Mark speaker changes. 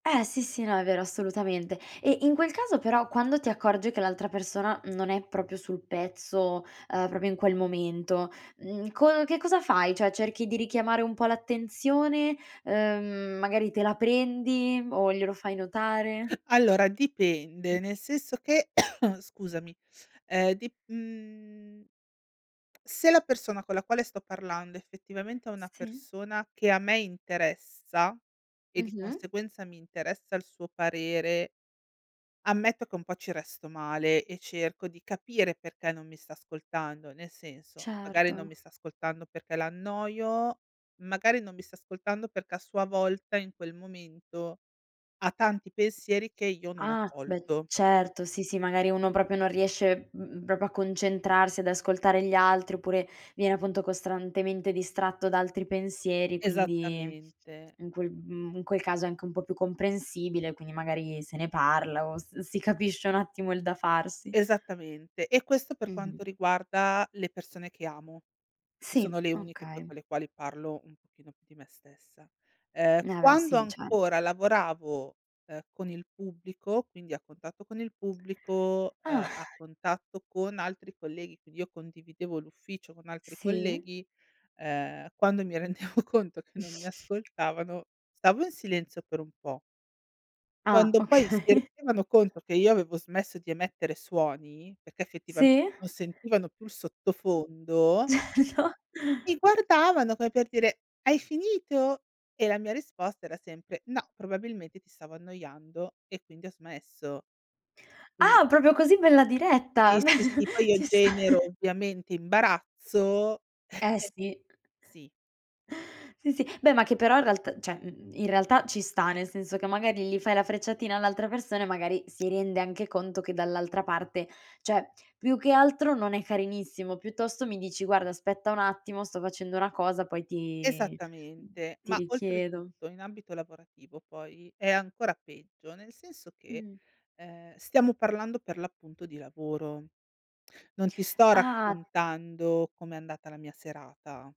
Speaker 1: Eh sì sì. No, è vero, assolutamente. E in quel caso però quando ti accorgi che l'altra persona, mhmm, non è proprio sul pezzo, ehm, proprio in quel momento, mhmm, co che cosa fai? Cioè cerchi di richiamare un po' l'attenzione, ehm, magari te la prendi o glielo fai notare?
Speaker 2: Allora dipende, nel senso che scusami, uhm, dip uhm se la persona con la quale sto parlando effettivamente è una
Speaker 1: Sì.
Speaker 2: persona che a me interessa, e di
Speaker 1: Mh-mh.
Speaker 2: conseguenza mi interessa il suo parere ammetto che un po' ci resto male e cerco di capire perché non mi sta ascoltando. Nel senso, magari non
Speaker 1: Certo.
Speaker 2: mi sta ascoltando perché l'annoio, magari non mi sta ascoltando perché a sua volta in quel momento ha tanti pensieri che io non ho
Speaker 1: Ah, beh,
Speaker 2: colto.
Speaker 1: certo, sì, sì, magari uno proprio non riesce, mhmm, proprio a concentrarsi, ad ascoltare gli altri oppure viene appunto costantemente distratto da altri pensieri, quindi
Speaker 2: Esattamente.
Speaker 1: in quel mhmm, in quel caso è anche un po' più comprensibile, quindi magari se ne parla o s si capisce un attimo il da farsi.
Speaker 2: Esattamente e questo per
Speaker 1: Mh-mh.
Speaker 2: quanto riguarda le persone che amo, che sono
Speaker 1: Sì,
Speaker 2: le uniche poi
Speaker 1: okay.
Speaker 2: con le quali parlo un pochino più di me stessa. Ehm,
Speaker 1: Ne a beh
Speaker 2: quando
Speaker 1: sì, certo.
Speaker 2: ancora lavoravo, ehm, con il pubblico, quindi a contatto con il pubblico,
Speaker 1: Ah.
Speaker 2: ehm, a contatto con altri colleghi, quindi io condividevo l'ufficio con altri
Speaker 1: Sì.
Speaker 2: colleghi, ehm, quando mi rendevo conto che non mi ascoltavano stavo in silenzio per un po'.
Speaker 1: Ah,
Speaker 2: Quando poi si
Speaker 1: okay.
Speaker 2: rendevano conto che io avevo smesso di emettere suoni, perché effettivamente
Speaker 1: Sì.
Speaker 2: non sentivano più il sottofondo
Speaker 1: [unintelligible]
Speaker 2: mi guardavano come per dire: "Hai finito?" E la mia risposta era sempre: "No, probabilmente ti stavo annoiando e quindi ho smesso." Quindi
Speaker 1: Ah, proprio così bella
Speaker 2: Sì
Speaker 1: diretta? Beh
Speaker 2: sì sì, poi io
Speaker 1: ci sta.
Speaker 2: genero ovviamente imbarazzo
Speaker 1: Eh, sì.
Speaker 2: Sì.
Speaker 1: Sì, sì. Beh ma che però in realtà cioè, uhm, in realtà ci sta, nel senso che magari gli fai la frecciatina all'altra persona e magari si rende anche conto che dall'altra parte cioè più che altro non è carinissimo, piuttosto mi dici: "Guarda aspetta un attimo sto facendo una cosa poi ti mhmm,
Speaker 2: Esattamente,
Speaker 1: ti
Speaker 2: ma
Speaker 1: richiedo."
Speaker 2: oltretutto in ambito lavorativo poi è ancora peggio, nel senso che,
Speaker 1: Mh.
Speaker 2: ehm, stiamo parlando per l'appunto di lavoro. Non ti sto
Speaker 1: Ah.
Speaker 2: raccontando com'è andata la mia serata.